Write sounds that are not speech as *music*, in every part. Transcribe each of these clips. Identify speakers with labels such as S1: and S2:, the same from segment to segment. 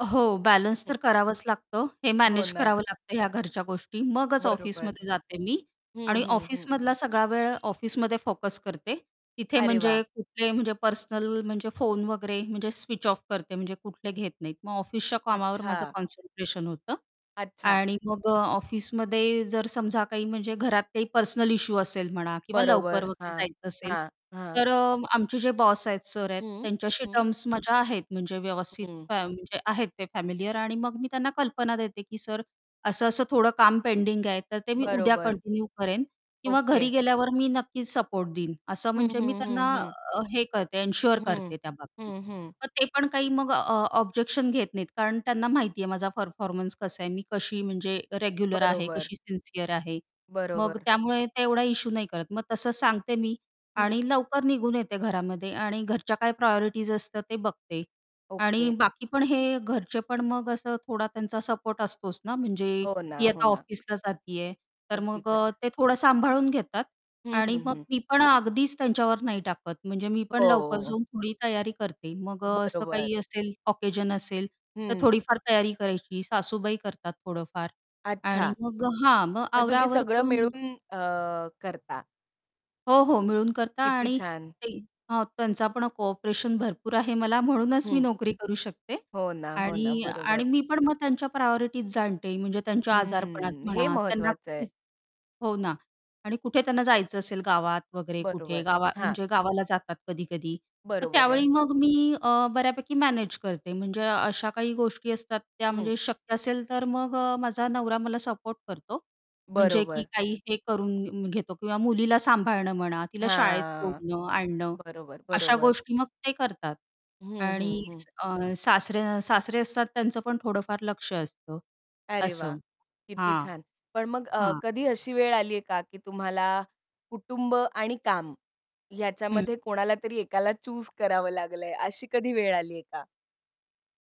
S1: हो, बॅलन्स
S2: हं.
S1: तर करावंच लागतं, हे
S2: हो
S1: मॅनेज
S2: ना.
S1: करावं लागतं या घरच्या गोष्टी मगच
S2: बरोबर.
S1: ऑफिसमध्ये जाते मी
S2: हं,
S1: आणि
S2: हं, हं.
S1: ऑफिसमधला सगळा वेळ ऑफिसमध्ये फोकस करते, तिथे
S2: अरे
S1: म्हणजे
S2: वाह!
S1: कुठले म्हणजे पर्सनल म्हणजे फोन वगैरे म्हणजे स्विच ऑफ करते म्हणजे कुठले घेत नाहीत. मग ऑफिसच्या कामावर माझं
S2: अच्छा.
S1: कॉन्सन्ट्रेशन होतं
S2: अच्छा.
S1: आणि मग अ, ऑफिसमध्ये जर समजा काही म्हणजे घरात काही पर्सनल इश्यू असेल म्हणा किंवा लवकर
S2: बरोबर.
S1: वगैरे
S2: हां,
S1: जायचं, असेल
S2: हां, हां.
S1: तर अ, आमचे जे बॉस आहेत, सर आहेत,
S2: हं.
S1: त्यांच्याशी
S2: हं.
S1: टर्म्स माझ्या आहेत म्हणजे व्यवस्थित
S2: हं.
S1: फ्या म्हणजे आहेत ते फॅमिलिअर आणि मग मी त्यांना कल्पना देते, की "सर असं-असं थोडं काम पेंडिंग आहे तर ते मी उद्या
S2: बरोबर.
S1: कंटिन्यू करेन किंवा घरी
S2: ओके.
S1: गेल्यावर मी नक्कीच सपोर्ट देईन." असं
S2: हं,
S1: म्हणजे मी
S2: हं, हं,
S1: त्यांना
S2: हं.
S1: अ, हे करते एन्शुअर
S2: हं,
S1: करते त्या बाबतीत.
S2: हं, हं.
S1: तर ते पण काही मग अ, ऑब्जेक्शन घेत नाहीत कारण त्यांना माहिती आहे माझा परफॉर्मन्स कसा आहे, मी कशी म्हणजे रेग्युलर आहे,
S2: बरोबर.
S1: कशी सिन्सिअर आहे. मग
S2: बरोबर.
S1: त्यामुळे ते एवढा इश्यू नाही करत मग तसं सांगते मी
S2: हं.
S1: आणि लवकर निघून येते घरामध्ये आणि घरच्या काय प्रायोरिटीज असतात ते बघते आणि
S2: ओके.
S1: बाकी पण हे घरचे पण मग असं थोडा त्यांचा सपोर्ट असतोच ना, म्हणजे
S2: हो ना,
S1: ही
S2: हो
S1: आता
S2: ना.
S1: ऑफिसला जाती आहे, तर
S2: अगदी
S1: मग
S2: खरं आहे.
S1: अ, ते थोडं सांभाळून घेतात
S2: हं,
S1: आणि
S2: हं,
S1: मग
S2: हं.
S1: मी पण अगदीच त्यांच्यावर नाही टाकत. म्हणजे मी पण लवकर
S2: हो.
S1: जाऊन थोडी तयारी करते. मग अ, असं
S2: बरोबर.
S1: काही असेल ऑकेशन असेल तर
S2: हं.
S1: थोडीफार तयारी करायची, सासूबाई करतात थोडंफार
S2: अच्छा,
S1: आणि मग अ, हां, मग
S2: मग
S1: आवरा
S2: तुम्ही
S1: आवर
S2: सगळं
S1: करून मग
S2: मिळून अ, करता.
S1: हो, हो. मिळून करता
S2: किती
S1: आणि
S2: छान.
S1: काही हां, त्यांचा पण कोऑपरेशन भरपूर आहे मला म्हणूनच मी
S2: हं.
S1: नोकरी करू शकते
S2: हो ना, हो ना,
S1: आणि
S2: बरोबर.
S1: आणि मी पण मग त्यांच्या प्रायोरिटीज जाणते. म्हणजे त्यांच्या आजारपणात
S2: हं, हे
S1: म्हणा, त्यांना
S2: महत्वाचं आहे.
S1: *unintelligible* हो ना आणि कुठे त्यांना जायचं असेल गावात वगैरे कुठे
S2: बरोबर,
S1: गावा
S2: हां.
S1: म्हणजे गावाला जातात कधी-कधी तर
S2: बरोबर आहे.
S1: त्यावेळी मग मी अ, बऱ्यापैकी मॅनेज करते म्हणजे अशा काही गोष्टी असतात त्या
S2: हं.
S1: म्हणजे शक्य असेल तर मग अ, माझा नवरा मला सपोर्ट करतो. म्हणजे की
S2: बरोबर.
S1: काही हे करून म घेतो किंवा मुलीला सांभाळणं म्हणा, तिला शाळेत
S2: हां,
S1: सोडणं, आणणं
S2: बरोबर,
S1: अशा
S2: बरोबर.
S1: गोष्टी मग ते करतात
S2: हं, हं,
S1: आणि
S2: हं.
S1: अ, सासरे सासरे असतात त्यांचं पण थोडंफार लक्ष असतं.
S2: अरे वाह!
S1: असं.
S2: किती
S1: हां,
S2: छान. पण मग अ,
S1: हां.
S2: कधी अशी वेळ आलीये का की तुम्हाला कुटुंब आणि काम
S1: हं.
S2: ह्याच्यामध्ये कोणाला तरी एकाला चूज करावं लागलंय अशी कधी वेळ आलीये का?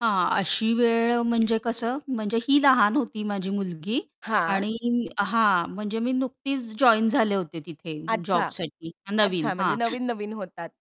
S1: हां, अशी वेळ म्हणजे कसं म्हणजे ही लहान होती माझी मुलगी
S2: हां.
S1: आणि हां. म्हणजे मी नुकतीच जॉइन झाले होते तिथे
S2: अच्छा.
S1: जॉबसाठी नवीन
S2: अच्छा. म्हणजे
S1: हां.
S2: नवीन-नवीन होतात.